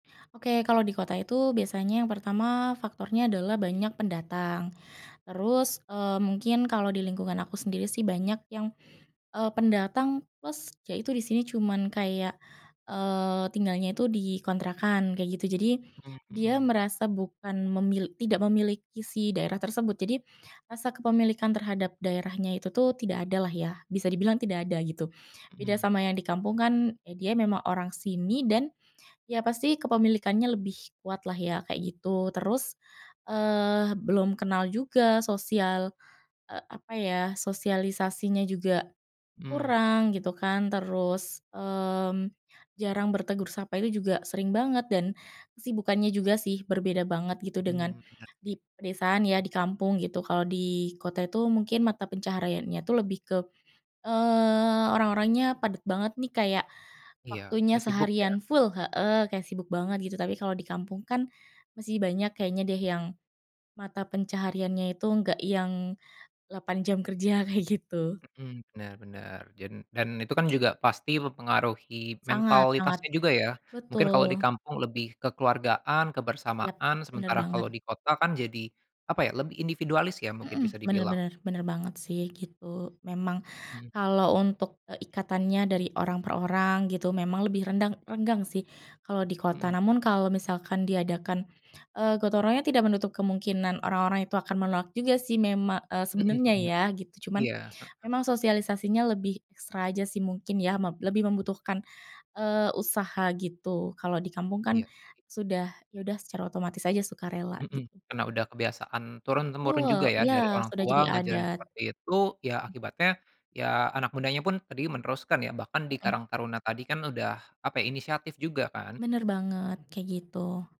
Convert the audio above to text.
Oke, kalau di kota itu biasanya yang pertama faktornya adalah banyak pendatang. Terus, eee, mungkin kalau di lingkungan aku sendiri sih banyak yang, eee, pendatang plus, ya itu di sini cuman kayak, eee, tinggalnya itu di kontrakan kayak gitu. Jadi, Mmm, dia mhm. merasa bukan memil tidak memiliki si daerah tersebut. Jadi rasa kepemilikan terhadap daerahnya itu tuh tidak ada lah ya, bisa dibilang tidak ada gitu. Beda Mhm. sama yang di kampung kan, ya dia memang orang sini dan ya pasti kepemilikannya lebih kuat lah ya, kayak gitu. Terus, eee, belum kenal juga sosial, eee, apa ya, sosialisasinya juga Mmm. kurang gitu kan, terus, mmm, jarang bertegur sapa, itu juga sering banget dan kesibukannya juga sih, berbeda banget gitu, dengan Mmm, bener di sih. pedesaan ya, di kampung gitu. Kalau di kota itu mungkin mata pencahariannya itu lebih ke, eee, orang-orangnya padat banget nih, kayak Iya, waktunya dah sibuk ya? seharian full heeh, kayak sibuk banget gitu, tapi kalau di kampung kan masih banyak kayaknya deh, yang mata pencahariannya itu enggak yang 8 jam kerja, kayak gitu. Mhm, bener bener, dan dan itu kan juga pasti mempengaruhi Sangat sangat, mentalitasnya juga ya. Mungkin kalau di betul. kampung lebih kekeluargaan, Yap, kebersamaan, bener sementara kalau banget. di kota kan jadi apa ya, lebih individualis ya, mungkin bisa Mhm, bener dibilang? bener bener banget sih, gitu. Memang Mhm. kalau untuk, eee, ikatannya dari orang per orang gitu, memang lebih rendang renggang sih, kalau di kota. Mhm. Namun kalau misalkan diadakan, eee, gotong royongnya, tidak menutup kemungkinan orang-orang itu akan menolak juga sih, mema eee, Mhm sebenernya mhm, ya, gitu. Cuman iya, heeh. memang sosialisasinya lebih ekstra aja sih, mungkin ya, meb lebih membutuhkan, eee, usaha gitu, kalau di kampung kan Iya sih. sudah ya udah secara otomatis aja, sukarela Mhm, gitu. karena udah kebiasaan turun-temurun Betul, juga ya, iya dari orang sudah tua jadi ngajarin adat. seperti itu, ya Mmm. akibatnya, ya anak mudanya pun tadi meneruskan ya. Bahkan di Mhm. karang taruna tadi kan udah apa, inisiatif juga kan? Bener banget, kayak gitu.